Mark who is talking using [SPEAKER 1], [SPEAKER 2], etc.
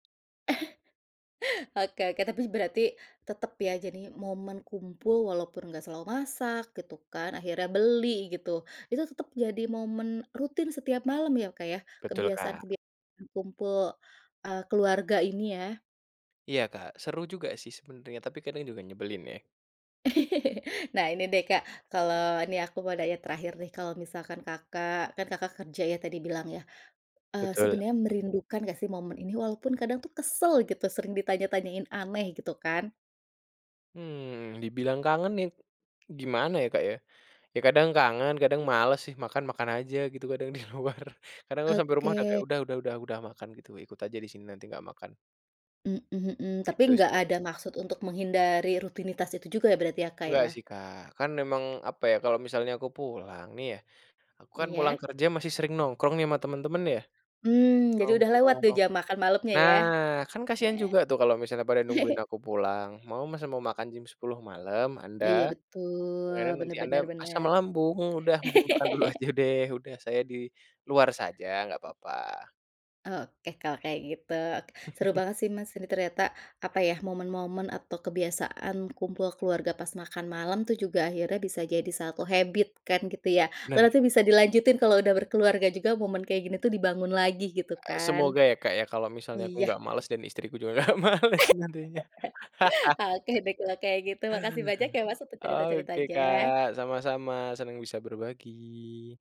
[SPEAKER 1] Oke oke, tapi, berarti tetep ya, jadi momen kumpul, walaupun nggak selalu masak, gitu kan, akhirnya beli, gitu. Itu tetep jadi momen rutin setiap malam, ya, Kak, ya,
[SPEAKER 2] Betul,
[SPEAKER 1] kebiasaan
[SPEAKER 2] Kak.
[SPEAKER 1] kebia kumpul, eee, keluarga ini, ya?
[SPEAKER 2] Iya, Kak, seru juga sih sebenernya, tapi kadang juga nyebelin, ya.
[SPEAKER 1] Nah, ini deh Kak, kalau nih, aku mau nanya terakhir, nih. Kalau misalkan Kakak kan Kakak kerja ya, tadi bilang ya, eee,
[SPEAKER 2] Betul.
[SPEAKER 1] sebenarnya merindukan nggak sih momen ini? Walaupun kadang tuh kesel gitu, sering ditanya tanyain aneh, gitu kan?
[SPEAKER 2] Mmm, dibilang kangen nih gimana ya, Kak, ya. Ya, kadang kangen, kadang males sih, makan, makan aja gitu kadang di luar. Kadang aku sampai rumah udah
[SPEAKER 1] Oke.
[SPEAKER 2] kayak, "Udah udah udah udah makan," gitu, ikut aja di sini, nanti nggak makan.
[SPEAKER 1] Mhm mhm. Tapi
[SPEAKER 2] Gitu sih
[SPEAKER 1] nggak
[SPEAKER 2] aku.
[SPEAKER 1] ada maksud untuk menghindari rutinitas itu juga ya, berarti ya, Kak,
[SPEAKER 2] Enggak
[SPEAKER 1] ya?
[SPEAKER 2] sih, Kak, kan memang, apa ya, kalau misalnya aku pulang nih ya, aku kan pulang
[SPEAKER 1] Iya.
[SPEAKER 2] kerja masih sering nongkrong nih, sama temen-temen, ya.
[SPEAKER 1] Mmm, jadi udah lewat
[SPEAKER 2] Nongkrong.
[SPEAKER 1] deh, jam makan malemnya,
[SPEAKER 2] Nah,
[SPEAKER 1] ya.
[SPEAKER 2] kan kasihan juga tuh kalau misalnya pada nungguin aku pulang. Mau masa mau makan jam 10:00 malam, anda?
[SPEAKER 1] Iya, betul,
[SPEAKER 2] Ya, kan,
[SPEAKER 1] bener
[SPEAKER 2] nanti anda
[SPEAKER 1] bener
[SPEAKER 2] asam
[SPEAKER 1] bener.
[SPEAKER 2] lambung, udah mendingan makan dulu aja deh, udah saya di luar saja, nggak papa.
[SPEAKER 1] Oke, kalau kayak gitu, seru banget sih, Mas, ini ternyata, apa ya, momen-momen atau kebiasaan kumpul keluarga pas makan malam tuh juga akhirnya bisa jadi 1 habit kan, gitu ya.
[SPEAKER 2] Bener.
[SPEAKER 1] Berarti bisa dilanjutin kalau udah berkeluarga juga, momen kayak gini tuh dibangun lagi, gitu
[SPEAKER 2] E
[SPEAKER 1] kan.
[SPEAKER 2] semoga ya, Kak, ya, kalau misalnya aku
[SPEAKER 1] Iya.
[SPEAKER 2] nggak males dan istriku juga nggak males nantinya.
[SPEAKER 1] Oke deh, kalau kayak gitu, makasih banyak ya, Mas, untuk
[SPEAKER 2] Oke,
[SPEAKER 1] cerita-ceritanya.
[SPEAKER 2] Kak, sama-sama, senang bisa berbagi.